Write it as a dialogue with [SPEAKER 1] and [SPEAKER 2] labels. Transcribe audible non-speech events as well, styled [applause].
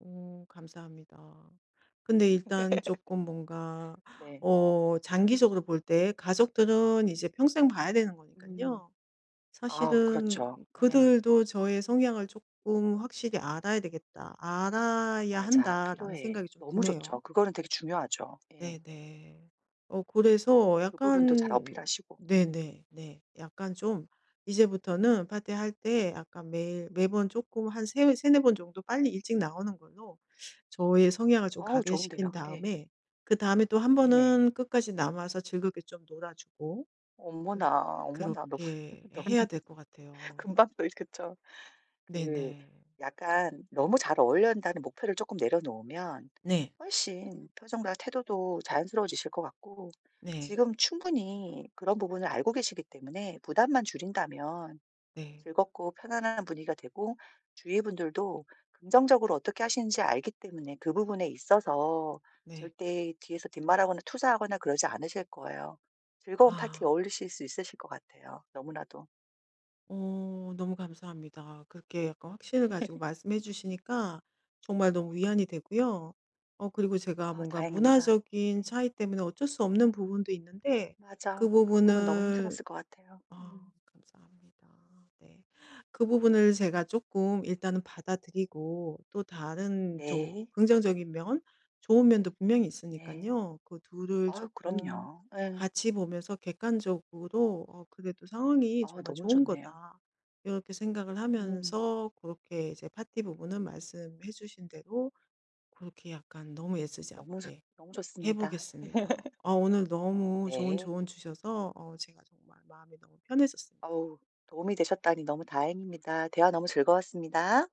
[SPEAKER 1] 오. 감사합니다. 근데
[SPEAKER 2] [laughs]
[SPEAKER 1] 일단 쪼끔 뭔가
[SPEAKER 2] 네.
[SPEAKER 1] 어 장기적으로 볼 때 가족들은 이제 평생 봐야 되는
[SPEAKER 2] 음.
[SPEAKER 1] 거니깐요.
[SPEAKER 2] 아우.
[SPEAKER 1] 사실은
[SPEAKER 2] 그렇죠. 예.
[SPEAKER 1] '그들도 저의 성향을 쪼끔 확실히 알아야 되겠다. 알아야
[SPEAKER 2] 맞아.
[SPEAKER 1] 한다.'라는
[SPEAKER 2] 피로에
[SPEAKER 1] 생각이 좀
[SPEAKER 2] 너무 좋죠.
[SPEAKER 1] 드네요.
[SPEAKER 2] 그거는 되게 중요하죠. 예.
[SPEAKER 1] 네네. 어. 그래서
[SPEAKER 2] 그 부분도 잘
[SPEAKER 1] 약간
[SPEAKER 2] 어필하시고 음.
[SPEAKER 1] 네네. 네. 약간 좀 이제부터는 파티할 때 약간 매일 매번 쪼끔 한 세 3-4 번 정도 빨리 일찍 나오는 걸로 저의 성향을 좀
[SPEAKER 2] 어우. 좋은데요.
[SPEAKER 1] 각인시킨
[SPEAKER 2] 예.
[SPEAKER 1] 다음에 그다음에 또 1
[SPEAKER 2] 네네.
[SPEAKER 1] 번은 끝까지 남아서 즐겁게 좀 놀아주고 음
[SPEAKER 2] 어머나. 어머나. 너
[SPEAKER 1] 그렇게
[SPEAKER 2] 너무
[SPEAKER 1] 해야 될 것 같아요.
[SPEAKER 2] 금방 또 이 그쵸. 그
[SPEAKER 1] 네네.
[SPEAKER 2] 약간 너무 잘 어울려야한다는 목표를 쪼끔 내려놓으면
[SPEAKER 1] 네.
[SPEAKER 2] 훨씬 표정과 태도도 자연스러워지실 것 같고
[SPEAKER 1] 네.
[SPEAKER 2] 지금 충분히 그런 부분을 알고 계시기 때문에 부담만 줄인다면
[SPEAKER 1] 네.
[SPEAKER 2] 즐겁고 편안한 분위기가 되고 주위 분들도 긍정적으로 어떻게 하시는지 알기 때문에 그 부분에 있어서
[SPEAKER 1] 네.
[SPEAKER 2] 절대 뒤에서 뒷말하거나 투자하거나 그러지 않으실 거예요. 즐거운 파티에
[SPEAKER 1] 아.
[SPEAKER 2] 어울리실 수 있으실 것 같아요 너무나도.
[SPEAKER 1] 어. 너무 감사합니다. 그렇게 약간 확신을 가지고
[SPEAKER 2] [laughs]
[SPEAKER 1] 말씀해 주시니까 정말 너무 위안이 되고요. 어. 그리고 제가
[SPEAKER 2] 아.
[SPEAKER 1] 뭔가
[SPEAKER 2] 다행입니다.
[SPEAKER 1] 문화적인
[SPEAKER 2] 네.
[SPEAKER 1] 차이 때문에 어쩔 수 없는 부분도 있는데 그
[SPEAKER 2] 맞아. 그 부분 너무
[SPEAKER 1] 부분을
[SPEAKER 2] 힘들었을 것 같아요.
[SPEAKER 1] 아
[SPEAKER 2] 음.
[SPEAKER 1] 감사합니다. 네. 그 부분을 제가 쪼끔 일단은 받아들이고 또 다른 조
[SPEAKER 2] 네.
[SPEAKER 1] 긍정적인 면 좋은 면도 분명히
[SPEAKER 2] 네.
[SPEAKER 1] 있으니깐요. 그 둘을
[SPEAKER 2] 아유.
[SPEAKER 1] 쪼끔
[SPEAKER 2] 그럼요. 예.
[SPEAKER 1] 같이 보면서 객관적으로 '어 그래도 상황이
[SPEAKER 2] 아유.
[SPEAKER 1] 정말
[SPEAKER 2] 너무
[SPEAKER 1] 좋은
[SPEAKER 2] 좋네요.
[SPEAKER 1] 거다.' 이렇게 생각을
[SPEAKER 2] 음.
[SPEAKER 1] 하면서 그렇게 이제 파티 부분은 말씀해 주신 대로 그렇게 약간 너무 애쓰지
[SPEAKER 2] 너무 좋
[SPEAKER 1] 않게
[SPEAKER 2] 너무
[SPEAKER 1] 해
[SPEAKER 2] 좋습니다.
[SPEAKER 1] 보겠습니다.
[SPEAKER 2] [laughs]
[SPEAKER 1] 아. 오늘 너무 좋은
[SPEAKER 2] 네.
[SPEAKER 1] 조언 주셔서 어 제가 정말 마음이 너무 편했었습니다.
[SPEAKER 2] 어우. 도움이 되셨다니 너무 다행입니다. 대화 너무 즐거웠습니다.